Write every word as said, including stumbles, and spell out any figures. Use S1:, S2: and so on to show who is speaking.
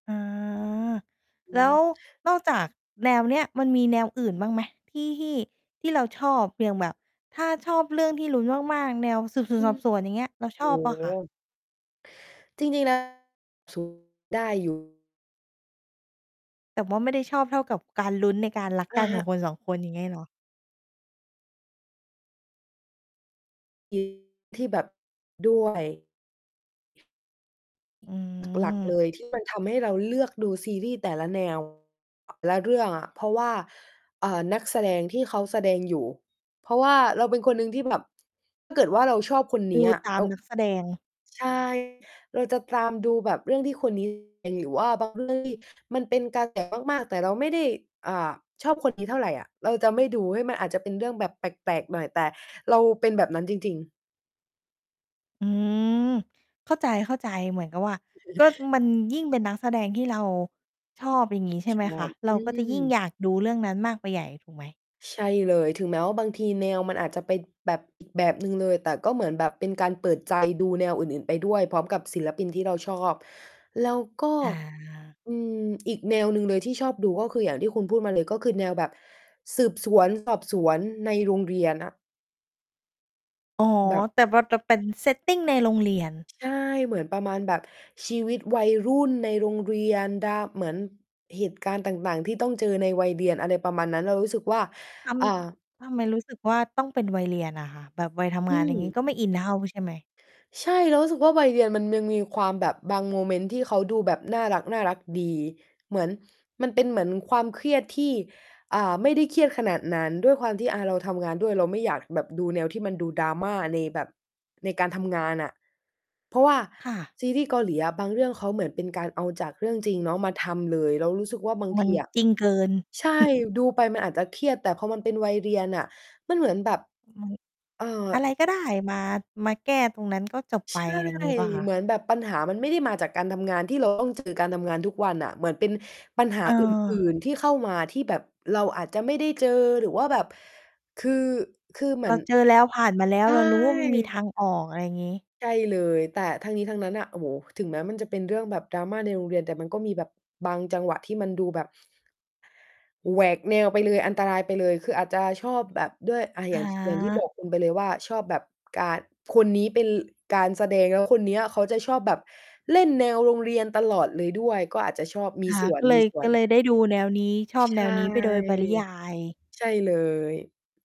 S1: อา
S2: อื
S1: แล้ว
S2: ม
S1: นอก จากแนวเนี้ย มันมีแนวอื่นบ้างไหม? ที่ ที่ ที่เราชอบ อย่างแบบถ้าชอบเรื่อง ที่ลุ้นมาก ๆ แนวสืบสว
S2: อ
S1: น
S2: ื
S1: สอ
S2: ม
S1: บสวน อย่างเงี้ย เรา
S2: โ
S1: ช
S2: อ้
S1: อบเปล่า
S2: โ
S1: คะ?
S2: ฮ จริง ๆ แล้ว สู่ ได้ อยู่
S1: แต่ว่าไม่ได้ชอบเท่ากับการลุ้นในการ รัก
S2: อ
S1: ก
S2: ะ
S1: ันข
S2: ฮ
S1: อง
S2: ะ
S1: คน สอง คน อย่างงี้เหรอ?
S2: จริง ที่แบบ ด้วย
S1: อื
S2: หลัก หลัก
S1: ม
S2: เลย ที่ มันทำให้เราเลือกดูซีรีส์แต่ละ แนว และเรื่องอะ เพราะว่า อ่า นักแสดงที่เขาแสดง อยู่ เพราะว่าเราเป็นคนหนึ่งที่แบบ ถ้าเกิดว่า เราชอบคนเน
S1: ด
S2: ี
S1: ู
S2: ้ยอะ
S1: ตา
S2: เอ
S1: ม
S2: า
S1: นักแสดง
S2: ใช่ เราจะตามดูแบบเรื่องที่คน นี้แสดง หรือว่า บางเรื่องที่ มันเป็นกระ แส มาก ๆ แต่เราไม่ได้ อ่า ชอบคนนี้เท่าไรอะ เราจะไม่ดู เฮ้ย มันอาจจะเป็นเรื่องแบบแปลก ๆ หน่อย แต่เราเป็นแบบนั้นจริง ๆ
S1: อืม เข้าใจ ๆ เหมือนกับว่า ก็มัน ยิ่งเป็นนักแสดงที่เราชอบ อย่างงี้ใช่
S2: ช ช
S1: ไหมค
S2: อ
S1: ะ
S2: บ
S1: เร
S2: อ
S1: า
S2: ื
S1: ก็จะยิ่ง
S2: ม
S1: อยาก ดูเรื่องนั้นมากไปใหญ่ ถูกไหม?
S2: ใช่เลย ถึงแม้ว่าบางทีแนวมันอาจจะไปแบบ อีก แบบ หนึ่งเลย แต่ก็เหมือนแบบเป็นการเปิด ใจ ดูแนวอื่น ๆ ไปด้วย พร้อมกับศิลปิน ที่เราชอบ แล้วก็
S1: อา
S2: อืม อีกแนวหนึ่งเลยที่ชอบดู ก็คือ อย่างที่คุณพูดมาเลยก็คือแนวแบบสืบ สวน สอบ สวนในโรงเรียนอะ
S1: อ๋อ
S2: แบบ
S1: แต่มันจะเป็น setting ในโรงเรียน
S2: ใช่ เหมือนประมาณแบบชีวิตวัยรุ่นในโรงเรียน ดา เหมือนเหตุ การณ์ต่าง ๆ ที่ต้องเจอในวัยเรียน อะไรประมาณนั้น เรารู้สึกว่า
S1: ท
S2: อ่า
S1: ำ ทำไมรู้สึกว่า ต้องเป็น วัยเรียนน่ะค่ะ แบบวัยท
S2: อ
S1: ำง
S2: ื
S1: าน อย่างงี้
S2: ม
S1: ก็ไม่อินเท่า ใช่ไหม?
S2: ใช่ เรารู้สึกว่า วัยเรียนมันยังมีความแบบบางโมเมนต์ที่เขาดูแบบน่ารัก ๆ ดี เหมือน มันเป็นเหมือนความเครียดที่ อ่า ไม่ได้เครียดขนาดนั้น ด้วยความที่ อา เราทำงานด้วย เราไม่อยากแบบดูแนวที่มันดู drama ในแบบ ในการทำงานน่ะ เพราะว่า
S1: ค่ะ
S2: ซีรีส์ เกาหลีอะ บางเรื่องเขาเหมือนเป็นการเอาจากเรื่องจริงเนาะมาทำเลย เรารู้สึกว่า บาง
S1: มั
S2: ท
S1: น
S2: ีอะ
S1: จริงเกิน
S2: ใช่ ดูไปมันอาจจะเครียด แต่พอมันเป็นวัยเรียนน่ะ มันเหมือนแบบ
S1: อืม
S2: เอ่อ
S1: อะไรก็ได้มา มาแก้ตรงนั้น ก็จบไ
S2: ใ
S1: ป
S2: ช่
S1: อะไรงี้เปล่าคะ?
S2: เหมือนแบบปัญหามันไม่ได้มาจากการทำงานที่ เราต้อง เจอการทำงาน ทุกวันน่ะ เหมือนเป็นปัญหา อื่
S1: เออ
S2: น ๆ ที่เข้ามา ที่แบบเราอาจจะไม่ได้เจอ หรือว่าแบบ คือ คือเห
S1: เ
S2: ม
S1: ร
S2: ือ
S1: า
S2: น
S1: เจอแล้ว ผ่านมาแล้
S2: ใ
S1: ว
S2: ช่
S1: เรารู้ว่า มันมีทางออก อะไรงี้
S2: ใช่เลย แต่ทั้งนี้ทั้งนั้นน่ะ โอ้โฮ ถึงแม้มันจะเป็นเรื่องแบบ drama ในโรงเรียน แต่มันก็มีแบบบางจังหวะที่มันดูแบบ แหวกแนวไปเลย อันตรายไปเลย คืออาจจะชอบแบบ ด้วย อ่า
S1: อ
S2: อย่าง ท อย่างที่บ
S1: า
S2: อก คุณไปเลยว่า ชอบแบบการ คนนี้เป็น ล การแสดง แล้วคนเนี้ยเขาจะชอบแบบเล่นแนวโรงเรียนตลอด เลยด้วย ก็อาจจะชอบ ม
S1: ค
S2: ี
S1: ่ะ
S2: ส่
S1: ก็เลย
S2: ว
S1: ก็
S2: น
S1: เล
S2: ๆ
S1: ยได้ดูแนว นี้ ชอ
S2: ช
S1: บ
S2: ใช
S1: แน
S2: ่
S1: วนี้ไปโดยปริยาย
S2: ใช่เลย